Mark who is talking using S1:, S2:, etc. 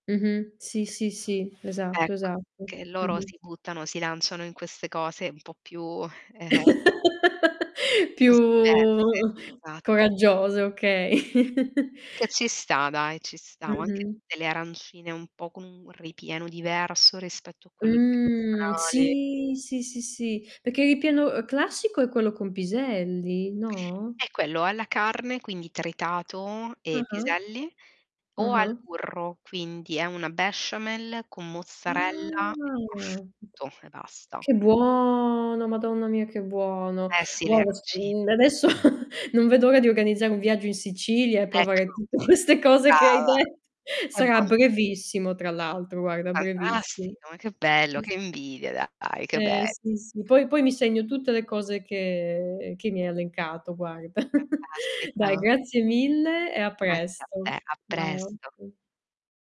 S1: Mh-mh. Sì, sì, sì, esatto,
S2: Ecco,
S1: esatto.
S2: che loro
S1: Mh-mh.
S2: si buttano si lanciano in queste cose un po' più eh, eh.
S1: Più
S2: cose diverse. Satt
S1: coraggioso, okay.
S2: Che ci sta dai, ci sta. Anche
S1: Mh-mh.
S2: tutte le arancine un po' con un ripieno diverso rispetto a quello
S1: Mh,
S2: tradizionale.
S1: sì, sì, sì, sì, perché il ripieno classico è quello con piselli, no?
S2: È quello. Alla carne, quindi tritato e
S1: Ah-ah.
S2: piselli, o al
S1: Ah-ah.
S2: burro, quindi è una besciamella con mozzarella e
S1: Ah!
S2: prosciutto, e basta.
S1: Che buono, madonna mia, che buono.
S2: Eh, sì le aranci
S1: [unintelligible] Adesso non vedo l'ora di organizzare un viaggio in Sicilia e
S2: Ecco.
S1: provare tutte queste cose che hai
S2: Brava.
S1: detto. Sarà
S2: [unintelligible]
S1: brevissimo, tra l'altro, guarda, brevissimo.
S2: Fantastico! Ma che bello,
S1: [unintelligible]
S2: che invidia, dai, che be
S1: Eh, sì, sì. Poi poi mi segno tutte le cose che che mi hai elencato guarda. Dai
S2: Fantastico.
S1: grazie mille e a
S2: Grazie a te,
S1: presto.
S2: a presto.
S1: [unintelligible]